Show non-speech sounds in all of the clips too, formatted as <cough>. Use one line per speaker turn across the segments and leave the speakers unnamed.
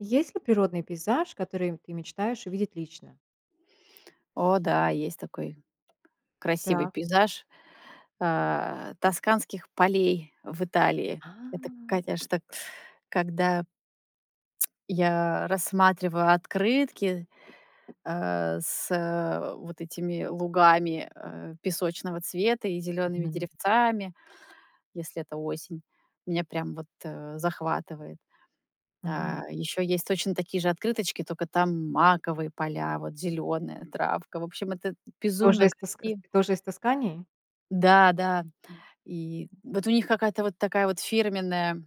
Есть ли природный пейзаж, который ты мечтаешь увидеть лично?
О да, есть такой красивый
Да.
пейзаж, э, тосканских полей в Италии.
А.
Это, конечно, когда, <tsk> когда я рассматриваю открытки, э, с вот этими лугами, э, песочного цвета и зелёными
Мгм.
деревцами, если это осень. Меня прям вот, э, захватывает. А,
Мгм.
ещё есть точно такие же открыточки, тока там маковые поля, вот зелёная травка. В общем, это
Тоже
безумно
из таск
краси
тоже из Тоскании?
Да, да. И вот у них какая-то вот такая вот фирменная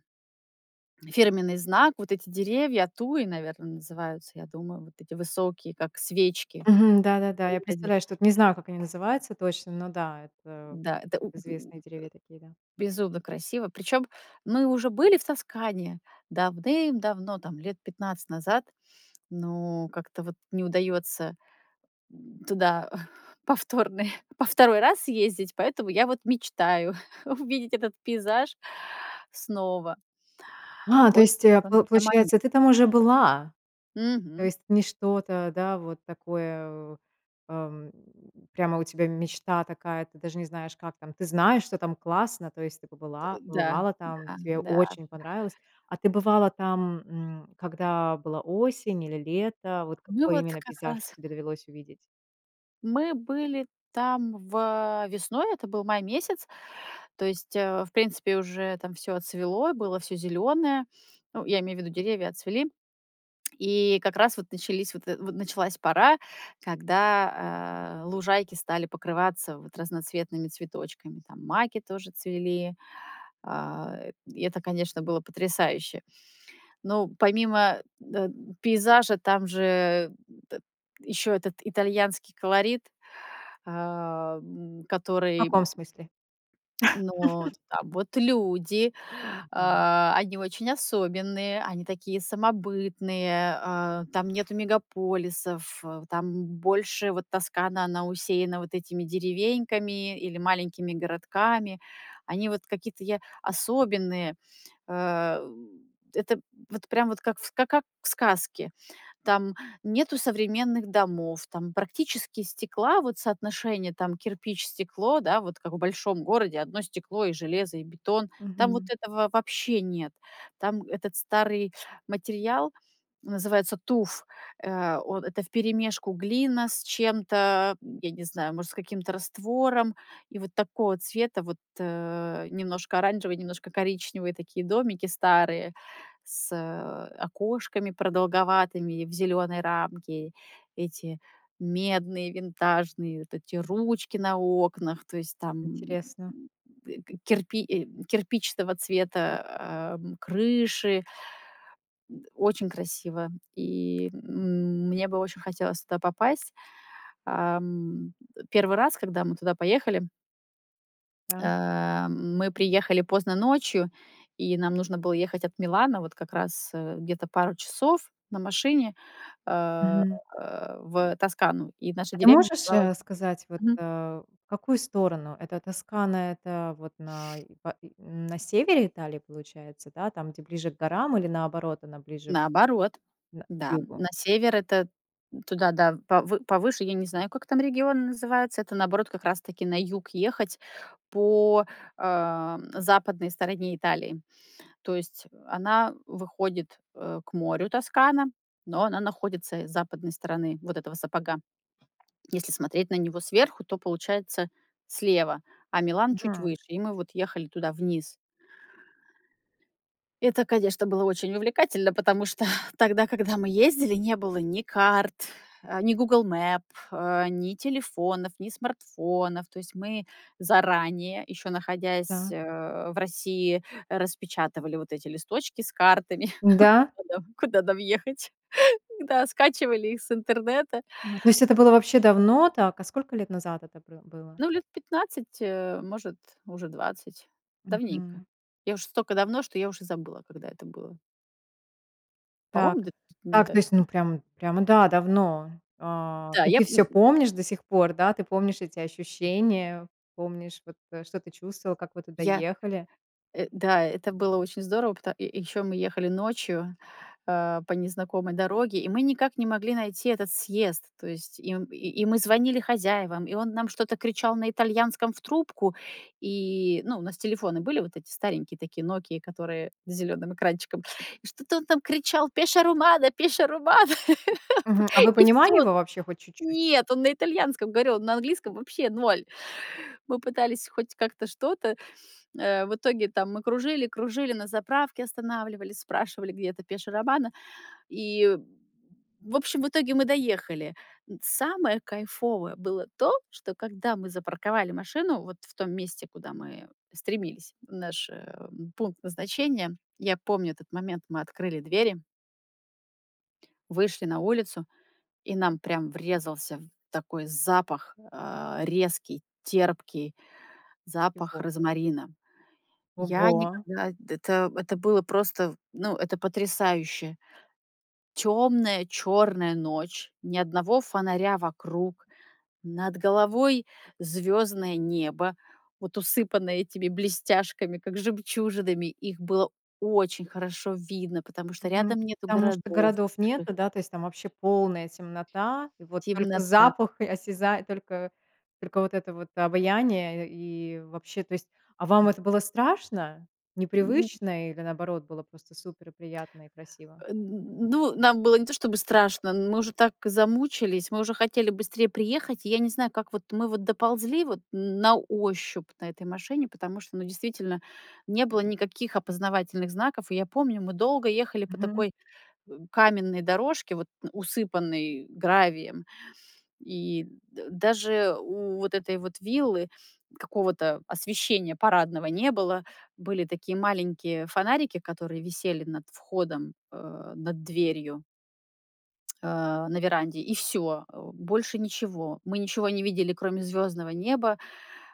фирменный знак. Вот эти деревья, туи, наверное, называются, я думаю, вот эти высокие, как свечки.
Мгм. Да-да-да, я
Выглядит.
представляю, что, не знаю, как они называются точно, но, да, м, это
Да, это у у э,
известные деревья такие, да.
безумно красиво. Причём мы уже были в Тоскане давным-давно, там, лет 15 назад. Но как-то вот не удаётся м, туда повторный во второй раз съездить, поэтому я вот мечтаю <chuckles> увидеть этот пейзаж снова.
А, то есть,
Очень кан тебя
получается,
манит.
ты там уже была. То
Мгм.
есть, не что-то, да, вот такое, ам, прямо у тебя мечта такая, ты даже не знаешь, как там ты знаешь, что там классно. То есть ты
Дэ
побыла
да,
побывала там,
да,
тебе
да.
очень понравилось. А ты бывала там, м, когда была осень или лето? Вот
Ну,
какой
вот
именно
как
пейзаж
раз
тебе довелось увидеть?
Мы были там в э, весной, это был май месяц. То есть, э, в принципе, уже там всё отцвело и было всё зелёное. Ну, я имею в виду, деревья отцвели. И как раз вот начались, вот эт вот началась пора, когда, э, лужайки стали покрываться вот разноцветными цветочками. Там маки тоже цвели. Э. И это, конечно, было потрясающе. Но помимо дет пейзажа, там же ещё этот итальянский колорит, э, м,
В
который
каком
м
смысле?
Ну вот,
<laughs>
да. Вот люди,
Ага, м.
э, они очень особенные, они такие самобытные, э, там нету мегаполисов, там больше вот Тоскана, она усеяна вот этими деревеньками или маленькими городками. Они вот какие-то я особенные. Э, м. Это вот прям вот как в ска ка как в сказке. Там нету современных домов, там практически стекла, вот соотношение там кирпич, стекло, да, вот как в большом городе одно стекло и железо, и бетон, там вот
Мгм.
этого вообще нет. Там этот старый материал называется туф. Э, он. Это вперемешку глина с чем-то, м, я не знаю, может, с каким-то раствором, и вот такого цвета вот, э, немножко оранжевые, немножко коричневые такие домики старые, с, э, окошками продолговатыми в зелёной рамке. Эти медные винтажные, вот эти ручки на окнах. То есть там, м,
Интересно.
э, ке керпи э кирпичного цвета, э, м, крыши. М, очень красиво. И м мне бы очень хотелось туда попасть. Эм, первый раз, когда мы туда поехали
Так.
Э, мы приехали поздно ночью, и нам нужно было ехать от Милана вот как раз, э, где-то пару часов на машине, э,
Мгм.
в Тоскану, и наша
А ты
деревня
можешь,
называлась
э, сказать, вот,
Мгм.
э, в какую сторону? Эта Тоскана, это вот най па и на севере Италии, получается? Да, там, где ближе к горам или наоборот, она ближе
Наоборот,
на к
да, м.
югу?
На север- это туда, да, в повы повыше. Я не знаю, как там регион называется. Это, наоборот, как раз-таки на юг ехать по, э, м, западной стороне Италии. То есть она выходит, э, к морю, Тоскана, но она находится с западной стороны вот этого сапога. Если смотреть на него сверху, то, получается, слева, а Милан- чуть
Мгм.
выше. И мы вот ехали туда вниз. Это, конечно, было очень увлекательно, потому что <exhales> тогда, когда мы ездили, не было ни карт, э, ни Google Map, э, ни телефонов, ни смартфонов. То есть мы заранее, ещё находясь,
Да.
э, в России, распечатывали вот эти листочки с картами,
Да?
<laughs> куда куда нам ехать, да, скачивали их с интернета.
Ну, то есть это было вообще давно, так, а сколько лет назад это пра было?
Ну, лет 15, э, может может уже 20. Давненько.
Мгм.
Я уж стока давно, что я уже забыла, когда это было.
Так.
По-моему, где-то
Так,
да
то есть,
м
ну, прям, прямо, да, давно. Э,
Да,
и
я
ты
п
всё
м м
помнишь до сих пор, да? Ты помнишь эти ощущения, помнишь, вот, э, что ты чувствовал, как вы туда
Я
ехали?
э, да, это было очень здорово. Пото ещё мы ехали ночью, э, по незнакомой дороге, и мы никак не могли найти этот съезд. То есть и м и мы звонили хозяевам, и он нам что-то кричал на итальянском в трубку. И, ну, у нас телефоны были, вот эти старенькие такие "Нокии", которые с зелёным экранчиком. И что-то он там кричал: "Пеша-Романа, Пеша-Романа". <laughs> П
Мгм. А вы
и
понимали
всё.
его вообще хоть чуть-чуть?
Нет, он на итальянском говорил, он на английском вообще 0. Мы пытались хоть как-то что-то. Э, в итоге там мы кружили, кружили, на заправке останавливались, спрашивали, где это Пеша Романа. И, в общем, в итоге мы доехали. Самое кайфовое было то, что, когда мы запарковали машину вот в том месте, куда мы стремились, в наш, э, пункт назначения, я помню этот момент. Мы открыли двери вышли на улицу, и нам прямо врезался в такой запах, э, резкий, терпкий запах
Его.
розмарина. Я
Ого!
никогда это это было просто, ну, это потрясающе. Тёмная, чёрная ночь, ни одного фонаря вокруг. Над головой звёздное небо, вот усыпанное этими блестяшками, как жемчужинами, их было очень хорошо видно, потому что
Мгм.
рядом нету
Потому что
городов
городов
больших.
нету, да, то есть там вообще полная темнота, и вот только
Темнота.
запах и осяза только только вот это вот обаяние, и вообще, то есть А вам это было страшно,
М.
непривычно или, наоборот, было просто супер приятно и красиво?
Н ну, нам было не то чтобы страшно, мы уже так замучились, мы уже хотели быстрее приехать. Я не знаю, как вот мы вот доползли вот, н на ощупь, на этой машине, потому что, ну, действительно, не было никаких опознавательных знаков. И я помню, мы долго ехали по
Мгм.
такой, э, каменной дорожке, вот, усыпанной гравием. И дэ даже у вот этой вот виллы какого-то освещения парадного не было. Были такие маленькие фонарики, которые висели над входом, э, над дверью А, на веранде, и всё. Э, больше ничего. Мы ничего не видели, кроме звёздного неба.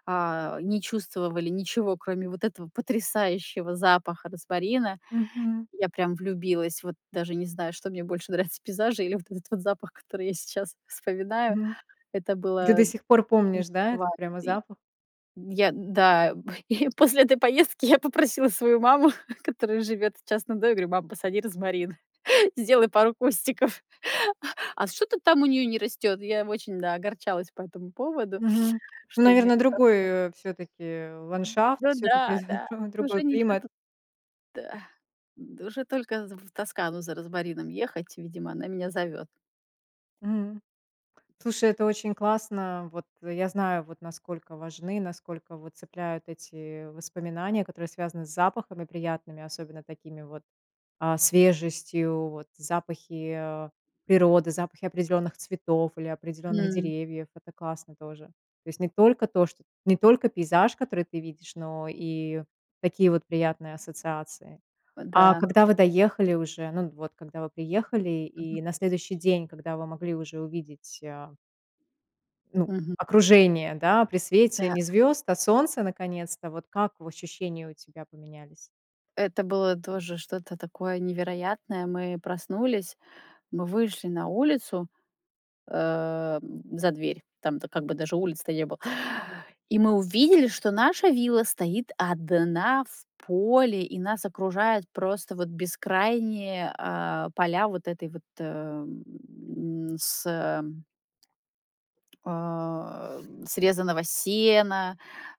А, не чувствовали ничего, кроме вот этого потрясающего запаха розмарина.
Мгм.
Я прям влюбилась. Вот даже не знаю, что мне больше нравится: пейзажи или вот этот вот запах, который я сейчас вспоминаю.
Мгм.
Это
Ты
было
до сих пор
не
помнишь,
так
да, этот
важно
прямо
И,
запах?
я, да, п и п осле этой поездки я попросила свою маму, которая живёт в частном доме. Я говорю: "Мам, посади розмарин, сделай пару кустиков". А что-то там у неё не растёт. Я очень, да, огорчалась по этому поводу,
Мгм.
что у неё
Наверно,
не
другой,
пошло.
э, всё-таки
М,
ландшафт,
ну
всё-таки
да,
<chuckles>
да, это
другой
уже ничего
климат.
тут. Да. Д уже только з в Тоскану за розмарином ехать. Видимо, она меня зовёт.
М. Слушай, это очень классно. Вот я знаю, вот, насколько важны, насколько вот цепляют эти воспоминания, которые связаны с запахами приятными, особенно такими вот, а, свежестью вот. Запахи, а, природы, запахи определённых цветов или определённых
М.
деревьев. Это классно тоже. То есть не только то, что не только пейзаж, который ты видишь, но и такие вот приятные ассоциации.
О
А
да.
когда вы доехали уже, ну, вот когда вы приехали и
Мгм.
на следующий день, когда вы могли уже увидеть, а ну,
Мгм.
окружение, да, при свете
М-да.
не звёзд, а солнца наконец-то? Вот как в ощущения у тебя поменялись?
Это было тоже что-то такое невероятное. Мы проснулись, мы вышли на улицу, эм, за дверь. Там-то как бы даже улицы-то не было. И мы увидели, что наша вилла стоит одна в поле, и нас окружают просто вот бескрайние, а, поля вот этой вот, э, м, сэ А, срезанного сена,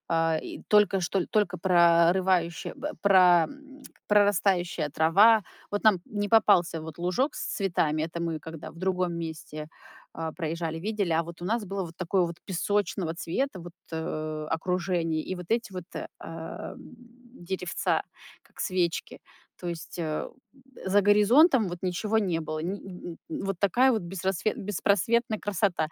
а, и только что только прорывающая бэ пра м, <tsk> прорастающая трава. Вот нам не попался вот лужок с цветами. Это мы когда в другом месте, а, проезжали, видели, а вот у нас было вот такое вот песочного цвета вот, э, окружение и вот эти вот, ам, деревца, как свечки. То есть, э, за горизонтом вот ничего не было ни м, м, вот такая вот бесрассвет беспросветная красота.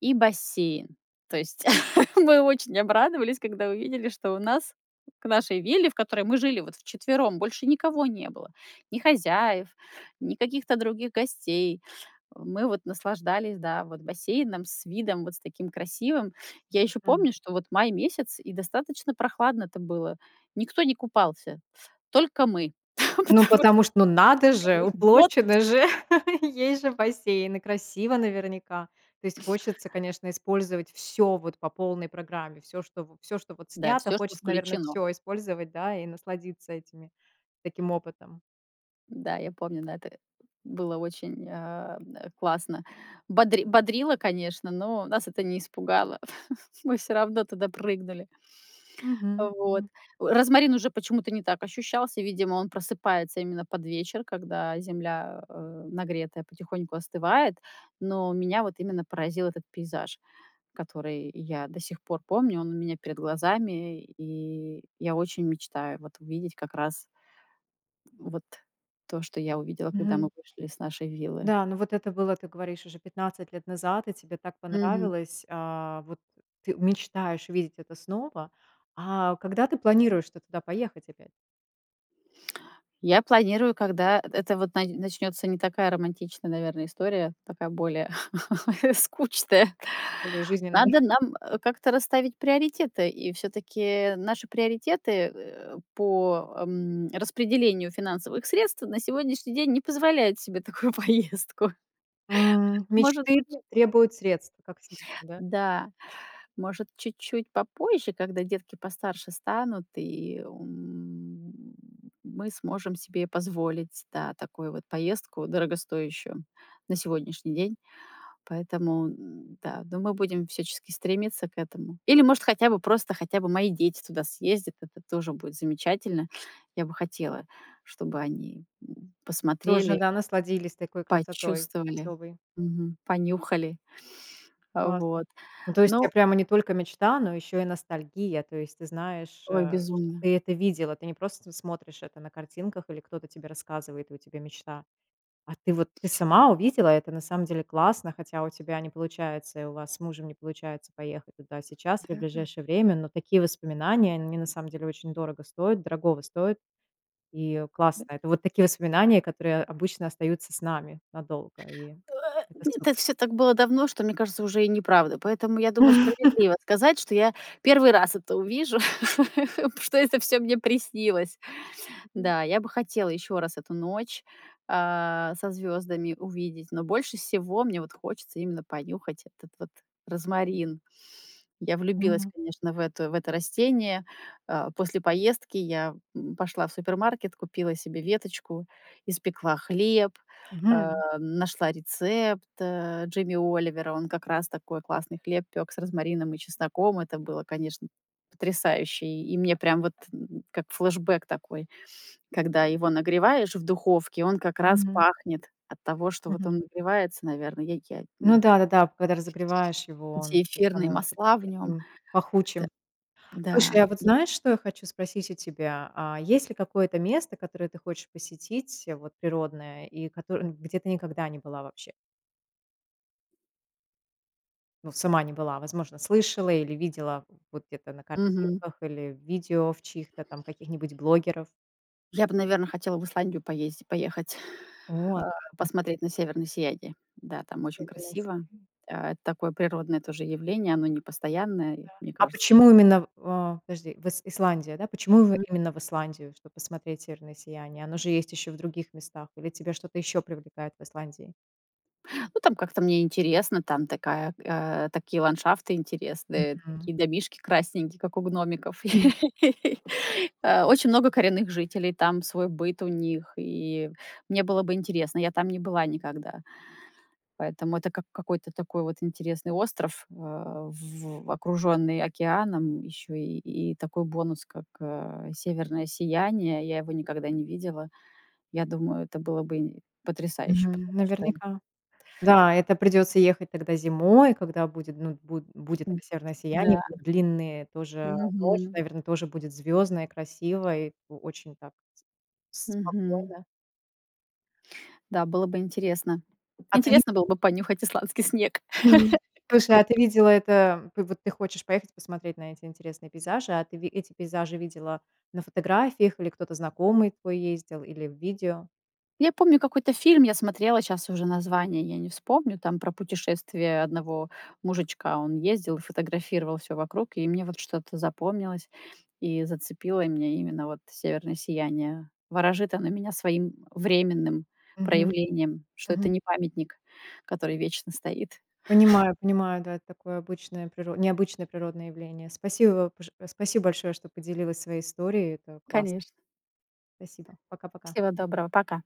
И бассейн. То есть <laughs> мы очень обрадовались, когда увидели, что у нас к нашей вилле, в которой мы жили вот вчетвером, больше никого не было: ни хозяев, ни каких-то других гостей. Мы вот наслаждались да, вот, бассейном с видом вот с таким красивым. Я ещё
М.
помню, что вот май месяц, и достаточно прохладно-то было. Никто не купался. Только мы, <laughs> потому
Ну,
что
потому что, ну, надо
всё
же,
уже, в
уплочено
отпуск.
же, <laughs> есть же бассейн и красиво наверняка. То есть, хочется, конечно, использовать всё вот по полной программе, всё, что в всё, что вот
Да,
снято.
всё, что
Хочется, наверное,
включено.
всё использовать, да, и насладиться этими, таким опытом.
Да, я помню, да, это, э, было очень, а, м, классно. Бодри бодрило, конечно, но нас это не испугало. <laughs> Мы всё равно туда прыгнули. А
Мгм,
вот.
мгм.
Розмарин уже почему-то не так ощущался. Видимо, он просыпается именно под вечер, когда земля, э, нагретая потихоньку остывает. Но меня вот именно поразил этот пейзаж, который я до сих пор помню. Он у меня перед глазами. И я очень мечтаю вот увидеть как раз, м, вот то, что я увидела, когда мы
Мгм.
вышли с нашей виллы.
Да, ну вот это было, ты говоришь, уже 15 лет назад, и тебе так
Мгм.
понравилось, а. Вот ты мечтаешь видеть это снова. А когда ты планируешь-то туда поехать опять?
Я планирую, когда, это вот нач начнётся не такая романтичная, наверное, история, такая более <laughs> скучная.
То ли жизненно. <chuckles>
Надо нам как-то расставить приоритеты. И всё-таки наши приоритеты, э, по, м, распределению финансовых средств на сегодняшний день не позволяют себе такую поездку
М.
<laughs> может
Мечты
быть
требуют средств, как всегда, да?
Да, может, чуть-чуть попозже, когда детки постарше станут, и, м, мы сможем себе позволить, да, такую вот поездку дорогостоящую на сегодняшний день. Поэтому, н-да, но мы будем всячески стремиться к этому. Или, может, хотя бы просто, хотя бы мои дети туда съездят. Это тоже будет замечательно. Я бы хотела, чтобы они, м,
Тоже
посмотрели.
да, насладились такой красотой
Почувствовали,
особой.
мгм, понюхали, а
Классно,
вот,
ну то есть, у тебя
ну
прямо не только мечта, но ещё и ностальгия. То есть, ты знаешь, э,
Ой,
ш
безумно.
ты это видела, ты не просто см смотришь это на картинках или кто-то тебе рассказывает и у тебя мечта. А ты вот, ты сама увидела, это, на самом деле, классно, хотя у тебя не получается, и у вас с мужем не получается поехать туда сейчас или в
Да.
ближайшее время, но такие воспоминания они на самом деле очень дорого стоят дорогого стоят и, э, классно. Это вот такие воспоминания, которые обычно остаются с нами надолго. И
Э,
это
это
супер.
всё так было давно, что, мне кажется, уже и неправда. Поэтому, я думаю, справедливо
<laughs>
сказать, что я первый раз это увижу, <laughs> что это всё мне приснилось.
Мгм.
Да, я бы хотела ещё раз эту ночь, а, со звёздами увидеть, но больше всего мне вот хочется именно понюхать этот вот розмарин. Я влюбилась,
Мгм.
конечно, в эту, в это растение. А, после поездки я, м, пошла в супермаркет, купила себе веточку, испекла хлеб, э,
Мгм.
нашла рецепт, э, Джимми Оливера. Он как раз такой классный хлеб пёк с розмарином и чесноком. Это было, конечно, потрясающе. И мне прям вот как флэшбек такой. Когда его нагреваешь в духовке, он как раз
Мгм.
пахнет от того, что
М,
вот
мгм.
он нагревается, наверное я я
Ну
н
да-да-да, когда разогреваешь его, он
Эти
это
эфирные
становится как
масла
бы
в нём.
таким
Это
пахучим. Слушай,
да,
а вот
я
знаешь, что я хочу спросить у тебя, а. Есть ли какое-то место, которое ты хочешь посетить, вот природное, и которо где ты никогда не была вообще? Ну, сама не была. Возможно, слышала или видела в вот где-то на
Мгм.
картинках, или в видео в чьих-то там каких-нибудь блогеров.
Я бы, наверное, хотела в Исландию поезди поехать,
Вот,
а,
интере
посмотреть на северное сияние. Да, там очень
Северное
красиво.
сияние.
Это такое природное тоже явление. Оно непостоянное, и
Да,
мне
а
кажется
почему именно в э, подожди, в ис Исландия, да? Почему в
М.
именно в Исландию, чтобы посмотреть северное сияние? Оно же есть ещё в других местах? Или тебя что-то ещё привлекает в Исландии?
Ну, там как-то мне интересно, там такая, э, такие ландшафты интересные,
Мгм.
такие домишки красненькие, как у гномиков.
М.
<laughs> А, очень много коренных жителей, там свой быт у них, и мне было бы интересно. Я там не была никогда. Поэтому это как какой-то такой вот интересный остров, а, в окружённый океаном, ещё и и такой бонус, как, э, северное сияние. Я его никогда не видела. Я думаю, это было бы и потрясающе,
Мгм.
потому что
Наверняка. Да, это придется ехать тогда зимой, когда будет ну буд будет
М,
это северное сияние,
да.
длинные тоже. Ночь
Мгм.
наверное тоже будет звездной, красивой, о очень так с
Мгм.
спокойно.
Да, было бы интересно.
А ты зи
Интересно было бы понюхать исландский снег
<chuckles>
<laughs> как
Слушай,
он
а ты видела это, м, п вот ты хочешь поехать посмотреть на эти интересные пейзажи, а ты ви эти пейзажи видела на фотографиях или кто-то знакомый твой ездил или в видео?
Я помню какой-то фильм я смотрела, щас уже название я не вспомню, там про путешествие одного мужичка. Он ездил, фотографировал всё вокруг, и мне вот что-то запомнилось и зацепило меня- именно вот северное сияние. Ворожит оно меня своим временным
Мгм,
проявлением, что это
мгм.
не памятник, который вечно стоит.
Понимаю,
<laughs>
понимаю, да. Это такое обычное приро необычное природное явление. Спасибо пож спасибо большое, что поделилась своей историей, это классно.
Конечно.
Спасибо, пока-пока.
Всего доброго. Пока.